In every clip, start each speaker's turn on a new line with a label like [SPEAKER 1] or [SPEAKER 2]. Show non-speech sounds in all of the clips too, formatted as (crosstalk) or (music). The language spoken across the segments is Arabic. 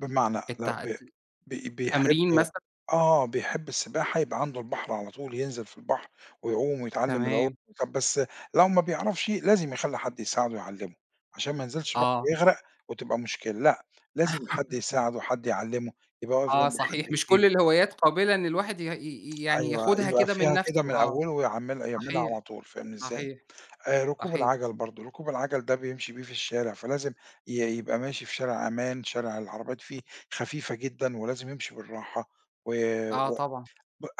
[SPEAKER 1] بمعنى لأ،
[SPEAKER 2] التع ت
[SPEAKER 1] ب بي بيحب
[SPEAKER 2] تمرين مثلًا؟
[SPEAKER 1] آه، بيحب السباحة يبقى عنده البحر على طول ينزل في البحر، ويعوم ويتعلم العوم،
[SPEAKER 2] تمام.
[SPEAKER 1] طَب بس لو ما بيعرفش، لازم يخلّي حد يساعدُه ويعلمُه، علشان ما ينزلش البحر
[SPEAKER 2] آه.
[SPEAKER 1] ويغرق وتبقى مشكلة، لأ، لازم حد
[SPEAKER 2] (laughs)
[SPEAKER 1] يساعدُه، حد يعلّمُه، يبقى واقف
[SPEAKER 2] آه،
[SPEAKER 1] جمبه
[SPEAKER 2] صحيح
[SPEAKER 1] حد
[SPEAKER 2] مش كُلّ
[SPEAKER 1] كبير.
[SPEAKER 2] الهوايات قابلة إن الواحد يه ي ي يعني
[SPEAKER 1] أيوه
[SPEAKER 2] ياخُدها
[SPEAKER 1] يبقى
[SPEAKER 2] كده من
[SPEAKER 1] فيها كده
[SPEAKER 2] نفْسُه
[SPEAKER 1] من
[SPEAKER 2] آه،
[SPEAKER 1] أوله، ويعمل يعملها على
[SPEAKER 2] صحيح،
[SPEAKER 1] طول فاهمني إزاي،
[SPEAKER 2] صحيح،
[SPEAKER 1] آآ ركوب
[SPEAKER 2] صحيح.
[SPEAKER 1] العَجل برضه، ركوب العَجل ده بيمشي بيه في الشارع، فلازم ي يبقى ماشي في شارع أمان، شارع العربيات
[SPEAKER 2] امم.
[SPEAKER 1] فيه خفيفة جدًا، ولازم يمشي بالراحة، و
[SPEAKER 2] آه،
[SPEAKER 1] و
[SPEAKER 2] طبعًا.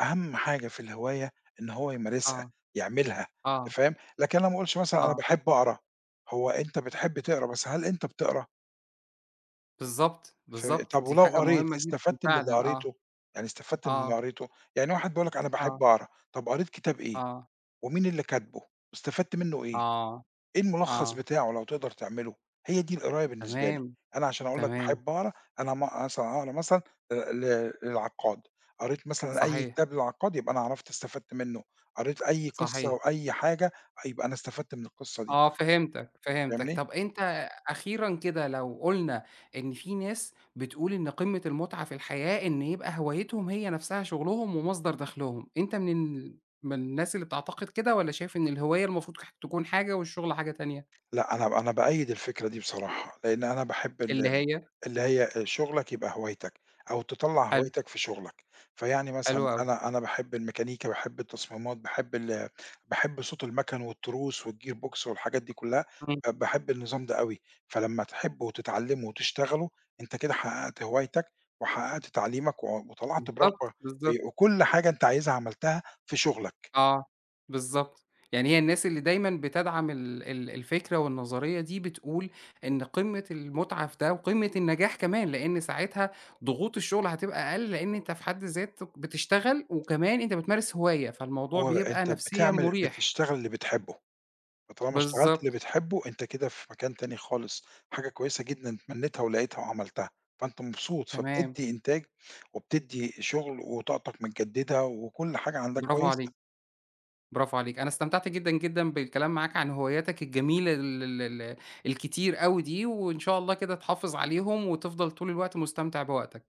[SPEAKER 1] أهم حاجة في الهواية إن هو يمارسها،
[SPEAKER 2] آه،
[SPEAKER 1] يعملها
[SPEAKER 2] آه.
[SPEAKER 1] أنت فاهم، لكن أنا ما أقولش مثلًا أنا
[SPEAKER 2] آه.
[SPEAKER 1] باحب أقرا، هو أنت بتحب تقرا، بس هل أنت بتقرا؟
[SPEAKER 2] بالضبط،
[SPEAKER 1] ف
[SPEAKER 2] بالضبط،
[SPEAKER 1] طَب
[SPEAKER 2] دي
[SPEAKER 1] ولو
[SPEAKER 2] حاجة مُهمّة
[SPEAKER 1] قريت
[SPEAKER 2] جدًا
[SPEAKER 1] استفدت من اللي
[SPEAKER 2] فعلًا آه،
[SPEAKER 1] قريتُه، يعني استفدت من اللي
[SPEAKER 2] آه.
[SPEAKER 1] قريتُه؟ يعني واحد بيقول لَك أنا باحب
[SPEAKER 2] آه.
[SPEAKER 1] أقرا، طَب قريت كتاب إيه؟
[SPEAKER 2] آه.
[SPEAKER 1] ومين اللي كاتبُه؟ استفدت منُّه إيه؟
[SPEAKER 2] آه،
[SPEAKER 1] إيه المُلخَّص
[SPEAKER 2] آه.
[SPEAKER 1] بتاعه لو تقدر تعملُه؟ هي دي القراية بالنسبة لي،
[SPEAKER 2] تمام،
[SPEAKER 1] أنا علشان أقول لَك
[SPEAKER 2] تمام.
[SPEAKER 1] باحب أقرا، أنا ما أقر مثلًا اقرا مثلًا آآ ل للعقّاد، قريت مثلًا أي
[SPEAKER 2] صحيح.
[SPEAKER 1] كتاب للعقّاد، يبقى أنا عرفت استفدت منُه، قريت أي قصّة
[SPEAKER 2] صحيح.
[SPEAKER 1] وأي حاجة، يبقى أنا استفدت من القِصّة دي.
[SPEAKER 2] آه، فهمتَك، فهمتَك،
[SPEAKER 1] فاهمني؟
[SPEAKER 2] طَب أنت أخيرًا كده لو قُلنا إن في ناس بتقول إن قمّة المُتعَة في الحياة، إن يبقى هوايتهم هي نفْسها شُغلهم ومصدر دخلُهم، أنت من ال من الناس اللي بتعتقد كده، والّا شايف إن الهواية المفروض تكون حاجة، والشُّغل حاجة تانية؟
[SPEAKER 1] لأ، أنا أنا بأيّد الفكرة دي بصراحة، لإن أنا باحب
[SPEAKER 2] اللي
[SPEAKER 1] ال
[SPEAKER 2] هي؟
[SPEAKER 1] اللي هي شُغلَك يبقى هوايتَك، أو تطلَّع
[SPEAKER 2] حلو.
[SPEAKER 1] هوايتَك في شُغلَك، فيعني مثلًا
[SPEAKER 2] حلو أوي.
[SPEAKER 1] أنا أنا باحب الميكانيكا، باحب التصميمات، باحب ال باحب صوت المَكن والتروس والGear Box والحاجات دي كُلّها،
[SPEAKER 2] إمم.
[SPEAKER 1] آآ باحب النظام ده أوي، فلمّا تحبُه وتتعلمُه وتشتغلُه، أنت كده حققت هوايتَك، وحققت تعليمَك، و وطلعت برغبة
[SPEAKER 2] بالضبط، بالضبط.
[SPEAKER 1] آآ وكُلّ حاجة أنت عايزها عملتها في شُغلَك.
[SPEAKER 2] آه، بالضبط، يعني هي الناس اللي دايمًا بتدعم ال ال الفكرة والنظرية دي، بتقول إن قمّة المُتعة في ده، وقمّة النجاح كمان، لإن ساعتها ضغوط الشُّغل هتبقى أقل، لإن أنت في حد ذاتك بتشتغل، وكمان أنت بتمارس هواية، فالموضوع بيبقى
[SPEAKER 1] وأنت
[SPEAKER 2] نفسيًا
[SPEAKER 1] بتعمل
[SPEAKER 2] مُريح.
[SPEAKER 1] بتشتغل اللي بتحبُه، فطالما اشتغلت اللي
[SPEAKER 2] بالضبط.
[SPEAKER 1] بتحبُه، أنت كده في مكان تاني خالص، حاجة كويسة جدًا اتمنيتها ولقيتها وعملتها، فأنت مبسوط،
[SPEAKER 2] تمام.
[SPEAKER 1] فبتدّي إنتاج وبتدّي شُغل، وطاقتَك متجددة، وكُلّ حاجة عندَك
[SPEAKER 2] براڤو عليك،
[SPEAKER 1] كويسة.
[SPEAKER 2] براڤو عليك، أنا استمتعت جدًا، جدًا بالكلام معاك عن هواياتَك الجميلة ال ال ال الكتير أوي دي، وإن شاء الله كده تحافظ عليهم، وتفضل طول الوقت مُستمتع بوقتَك.